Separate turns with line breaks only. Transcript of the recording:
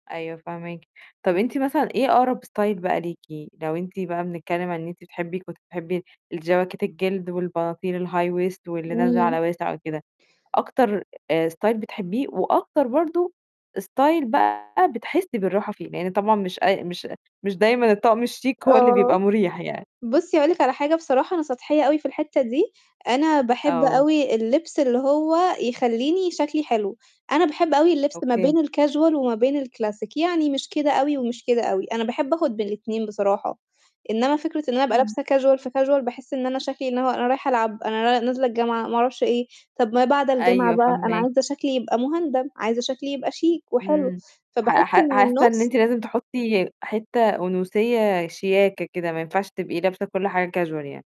أيوه، فاهماكِ، طَب أنتِ مثلًا إيه أقرب ستايل بقى ليكِ، لو أنتِ بقى بنتكلّم ع إن أنتِ بتحبّي كنتِ بتحبي الجواكت الجلد والبناطيل الhigh waist واللي نازلة
إمم.
على واسع وكده، أكتر آآ، ستايل بتحبّيه وأكتر برضه ستايل بقى بتحسّي بالراحة فيه، لإن طبعًا مش أي مش مش دايمًا الطَقم الشيك هو اللي
آه.
بيبقى مُريح يعني؟
بُصّي هاقول لِك على حاجة بصراحة أنا سطحية أوي في الحتّة دي، أنا باحب
آه.
أوي اللبس اللي هو يخلّيني شَكلي حلو، أنا باحب أوي اللبس ما بين
أوكي.
الcasual وما بين الكلاسيك يعني مش كده أوي ومش كده أوي، أنا باحب آخُد بين الاتنين بصراحة، إنمّا فكرة إن أنا أبقى
اهم.
لابسة casual في casual باحس إن أنا شَكلي إن هو أنا رايحة ألعب، أنا ن نازلة الجامعة ما أعرفش إيه. طَب ما بعد الجامعة
أيوه،
بقى أنا
فاهما
عايزة شَكلي يبقى مُهندَم عايزة شَكلي يبقى شيك وحلو،
إمم، ح
فباحس
ح
إن
حاسّة
النُص
إن أنتِ لازم تحطّي حتّة أُنوثيّة شياكة كده، ما ينفعش تبقي لابسة كل حاجة casual يعني.